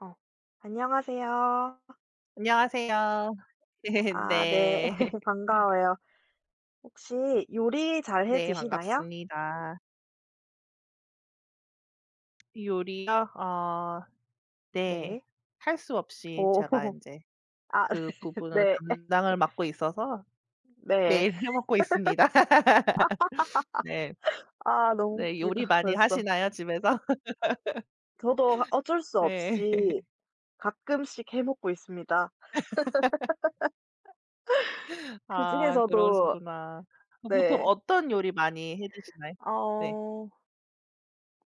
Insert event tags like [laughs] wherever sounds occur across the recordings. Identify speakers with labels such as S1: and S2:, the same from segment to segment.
S1: 아. 안녕하세요.
S2: 안녕하세요. 네
S1: 아 네.
S2: 네.
S1: [laughs] 반가워요. 혹시 요리 잘해
S2: 네.
S1: 드시나요?
S2: 반갑습니다. 요리요? 아. 네.
S1: 네.
S2: 할 수 없이
S1: 어.
S2: 제가
S1: [laughs]
S2: 인제
S1: 아
S2: 그
S1: [laughs]
S2: 부분을
S1: 네.
S2: 담당을 맡고 있어서
S1: [laughs] 네.
S2: 매일 해 먹고 있습니다. [laughs] 네.
S1: [laughs] 아하하하하. 아 너무
S2: 네. 요리
S1: 웃기다
S2: 많이
S1: 벌써.
S2: 하시나요? 집에서?
S1: 저도 아
S2: [laughs]
S1: 어쩔 수
S2: 네.
S1: 없이
S2: [laughs]
S1: 가끔씩 해 먹고 있습니다.
S2: [laughs]
S1: [laughs]
S2: [laughs] 아.
S1: 그중에서도
S2: 그러시구나. 그 보통
S1: 네.
S2: 어떤 요리 많이 해 드시나요? 네.
S1: 아어.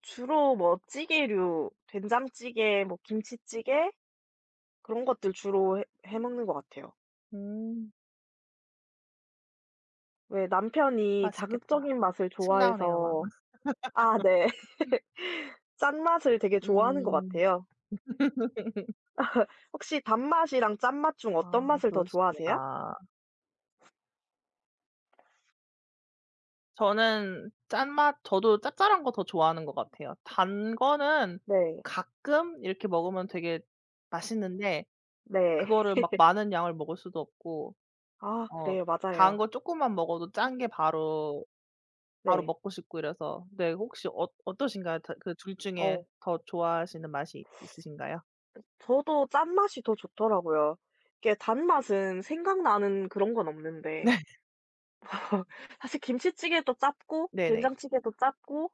S1: 주로 뭐 찌개류 된장찌개 뭐 김치찌개 그런 것들 주로 해 해 먹는 것 같아요.
S2: 음.
S1: 네. 남편이
S2: 맛있겠다.
S1: 자극적인 맛을
S2: 침 나오네요 막.
S1: 좋아해서. 아 네.
S2: [laughs]
S1: [laughs] 짠맛을 되게 좋아하는 것
S2: 음.
S1: 같아요.
S2: [laughs]
S1: [laughs] 혹시 단맛이랑 짠맛 중 어떤
S2: 아.
S1: 맛을 더 좋아하세요?
S2: 그러시구나. 저는 짠맛. 저도 짭짤한 거 더 좋아하는 것 같아요. 단 거는
S1: 네.
S2: 가끔 이렇게 먹으면 되게 맛있는데
S1: 네.
S2: 그거를 막
S1: [laughs]
S2: 많은 양을 먹을 수도 없고
S1: 아
S2: 어
S1: 그래요.
S2: 단
S1: 맞아요.
S2: 거 쪼끔만 먹어도 짠게 바로 바로
S1: 네.
S2: 먹고 싶고 이래서 네. 혹시 어 어떠신가요? 다 그 둘 중에
S1: 어.
S2: 더 좋아하시는 맛이
S1: 그
S2: 있으신가요?
S1: 저도 짠맛이 더 좋더라고요. 이게 단맛은 생각나는 그런 건 없는데.
S2: 네.
S1: 어 사실 김치찌개도 짭고
S2: 네네.
S1: 된장찌개도 짭고.